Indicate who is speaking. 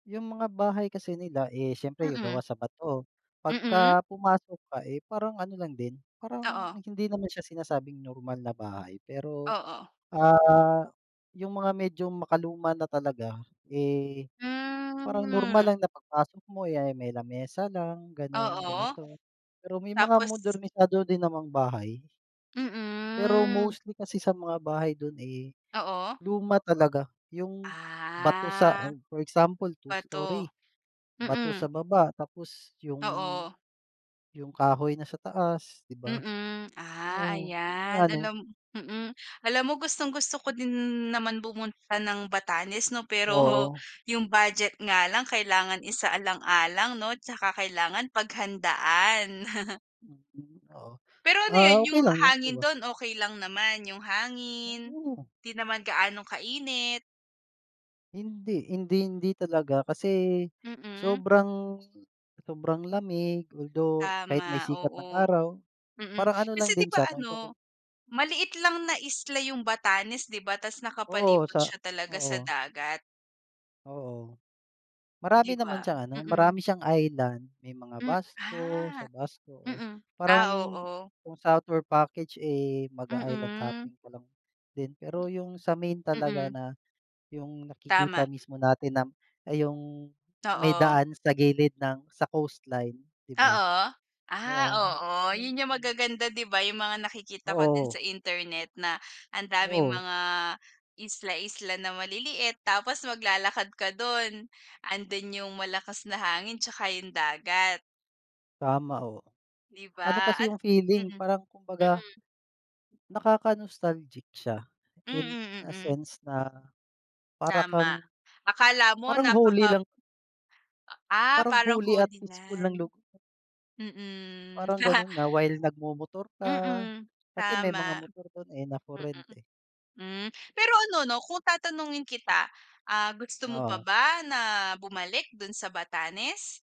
Speaker 1: Yung mga bahay kasi nila, eh, siyempre yung
Speaker 2: Mm.
Speaker 1: gawa sa bato.
Speaker 2: Mm.
Speaker 1: Pagka pumasok ka, eh, parang ano lang din, parang
Speaker 2: Oo.
Speaker 1: hindi naman siya sinasabing normal na bahay, pero,
Speaker 2: Oo.
Speaker 1: ah, yung mga medyo makaluma na talaga. Eh, parang normal
Speaker 2: Hmm.
Speaker 1: lang na pagpasok mo, eh, ah, may lamesa lang gano'n,
Speaker 2: Oo.
Speaker 1: ganito. Pero may mga
Speaker 2: Tapos
Speaker 1: modernisado din namang bahay. Pero
Speaker 2: Mm.
Speaker 1: mostly kasi sa mga bahay do'n, eh,
Speaker 2: Oo.
Speaker 1: luma talaga. Yung bato sa
Speaker 2: Ah.
Speaker 1: for example two
Speaker 2: Bato.
Speaker 1: story, bato sa
Speaker 2: Mm.
Speaker 1: baba tapos yung
Speaker 2: Oo.
Speaker 1: yung kahoy na sa taas, 'di ba?
Speaker 2: Mm. Ah,
Speaker 1: Oo, yun nga
Speaker 2: ayan.
Speaker 1: ano.
Speaker 2: Alam mm. Alam mo, gustong-gusto ko din naman pumunta ng Batanes 'no, pero
Speaker 1: Oo.
Speaker 2: yung budget nga lang kailangan isaalang-alang 'no tsaka kailangan paghandaan.
Speaker 1: Mm, okey.
Speaker 2: Pero ano
Speaker 1: Ah,
Speaker 2: yun?
Speaker 1: okey
Speaker 2: Yung
Speaker 1: lang yan 'di
Speaker 2: hangin
Speaker 1: ba?
Speaker 2: do'n, okey lang naman? Yung hangin,
Speaker 1: Oh.
Speaker 2: 'di naman gaanong kainit?
Speaker 1: Hindi hindi hindi talaga kasi
Speaker 2: Mm.
Speaker 1: sobrang sobrang lamig although kahit may
Speaker 2: Tama,
Speaker 1: sikat ng
Speaker 2: oo.
Speaker 1: araw,
Speaker 2: Mm.
Speaker 1: parang ano
Speaker 2: Kasi
Speaker 1: lang
Speaker 2: 'di
Speaker 1: din
Speaker 2: ba
Speaker 1: siya kung ikukum
Speaker 2: ano, maliit lang na isla yung Batanes, 'di ba? Ta's
Speaker 1: Oo,
Speaker 2: nakapalibot
Speaker 1: sa
Speaker 2: siya talaga sa
Speaker 1: oo.
Speaker 2: dagat.
Speaker 1: Oo. Marami
Speaker 2: Di
Speaker 1: naman
Speaker 2: ba?
Speaker 1: siyang ano,
Speaker 2: Mm.
Speaker 1: marami siyang island. May mga
Speaker 2: Hmm,
Speaker 1: Basco, sa
Speaker 2: ah.
Speaker 1: Basco oh,
Speaker 2: Mm.
Speaker 1: parang
Speaker 2: Ah, oo.
Speaker 1: yung southward package, eh, mag-i-island
Speaker 2: Mm.
Speaker 1: hopping ka lang din. Pero yung sa main talaga
Speaker 2: Mm.
Speaker 1: na yung nakikita
Speaker 2: Tama.
Speaker 1: mismo natin na yung may
Speaker 2: Oo.
Speaker 1: daan sa gilid ng sa coastline, 'di ba?
Speaker 2: Oo. Ah,
Speaker 1: Oo.
Speaker 2: oo. Yun yung magaganda 'di ba? Yung mga nakikita ko din sa
Speaker 1: Oo.
Speaker 2: internet na ang daming
Speaker 1: Oo.
Speaker 2: mga isla-isla na maliliit. Tapos maglalakad ka do'n. Ando'n yung malakas na hangin tsaka yung dagat.
Speaker 1: Tama ho.
Speaker 2: Di
Speaker 1: Ano
Speaker 2: ba?
Speaker 1: kasi
Speaker 2: At
Speaker 1: yung feeling,
Speaker 2: mhm.
Speaker 1: parang kumbaga
Speaker 2: Mm.
Speaker 1: nakaka-nostalgic siya in
Speaker 2: Mm,
Speaker 1: a
Speaker 2: mm.
Speaker 1: sense na para
Speaker 2: Tama.
Speaker 1: kang
Speaker 2: Akala mo
Speaker 1: parang holy
Speaker 2: napaka
Speaker 1: lang
Speaker 2: Ah,
Speaker 1: parang
Speaker 2: parang
Speaker 1: holy at
Speaker 2: Holy
Speaker 1: peaceful ng
Speaker 2: Land.
Speaker 1: lug
Speaker 2: Mm.
Speaker 1: Parang gano'n na while nagmomotor ka,
Speaker 2: Mm,
Speaker 1: kasi may mga
Speaker 2: tama.
Speaker 1: motor do'n, eh, na for
Speaker 2: Mm.
Speaker 1: rent eh.
Speaker 2: Hmm. Pero ano 'no, kung tatanungin kita, ah, gusto mo pa
Speaker 1: Oo.
Speaker 2: ba na bumalik do' n sa Batanes?